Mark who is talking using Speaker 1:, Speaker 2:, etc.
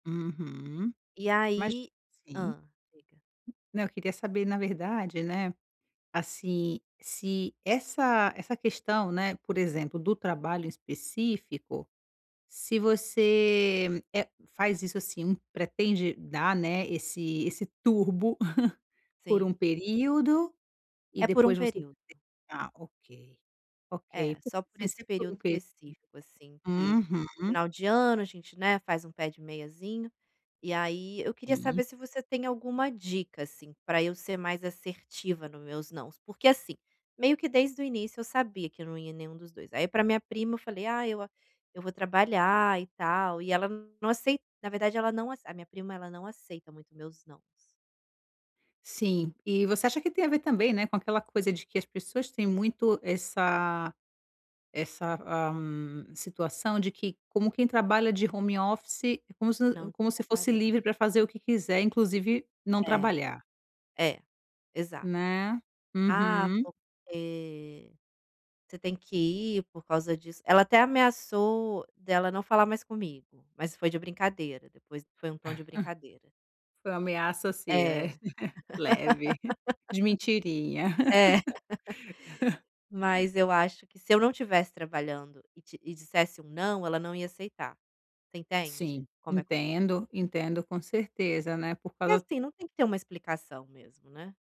Speaker 1: Uhum,
Speaker 2: E
Speaker 1: mas
Speaker 2: aí
Speaker 1: sim.
Speaker 2: hã, diga.
Speaker 1: Não, eu queria saber na verdade né, assim, se essa essa questão, né, por exemplo, do trabalho em específico, se você, eh, faz isso assim, um pretende dar, né, esse esse turbo por
Speaker 2: Sim.
Speaker 1: um período e
Speaker 2: É por um
Speaker 1: depois você
Speaker 2: período.
Speaker 1: ah, ok. Ok,
Speaker 2: É,
Speaker 1: po
Speaker 2: só por
Speaker 1: assim,
Speaker 2: esse
Speaker 1: se é por
Speaker 2: período
Speaker 1: um periodo
Speaker 2: específico, assim, que
Speaker 1: uhum.
Speaker 2: final de ano, a gente, né, faz um pé de meiazinho. E aí eu queria
Speaker 1: E
Speaker 2: saber se você tem alguma dica, assim, pra eu ser mais assertiva no meus "nãos." Porque assim, meio que desde o início eu sabia que eu não ia nenhum dos 2, aí pra minha prima eu falei: "Ah, eu a eu vou trabalhar e tal". E ela n não acei na verdade ela não ace a minha prima, ela não aceita muito meus "nãos."
Speaker 1: Sim. E você acha que tem a ver também, né, com aquela coisa de que as pessoas têm muito essa essa, ah, situação de que como quem trabalha de home office é como se u
Speaker 2: Não,
Speaker 1: como se fosse livre
Speaker 2: trabalhando.
Speaker 1: pra fazer o que quiser, inclusive não
Speaker 2: É
Speaker 1: trabalhar.
Speaker 2: É, exato.
Speaker 1: Né.
Speaker 2: "Ah,
Speaker 1: Uhum.
Speaker 2: porque você tem que ir por causa disso" ela até ameaçou dela não falar mais comigo, mas foi de brincadeira, depois foi um tom de brincadeira.
Speaker 1: Foi uma ameaça
Speaker 2: É.
Speaker 1: assim, né. Leve, de mentirinha.
Speaker 2: É. Mas eu acho que se eu não tivesse trabalhando e te e dissesse um "não", ela não ia aceitar. Você entende?
Speaker 1: Sim,
Speaker 2: Como é compli
Speaker 1: entendo, entendo, com certeza, né, por
Speaker 2: E
Speaker 1: causa
Speaker 2: assim, não tem que ter uma explicação mesmo, né.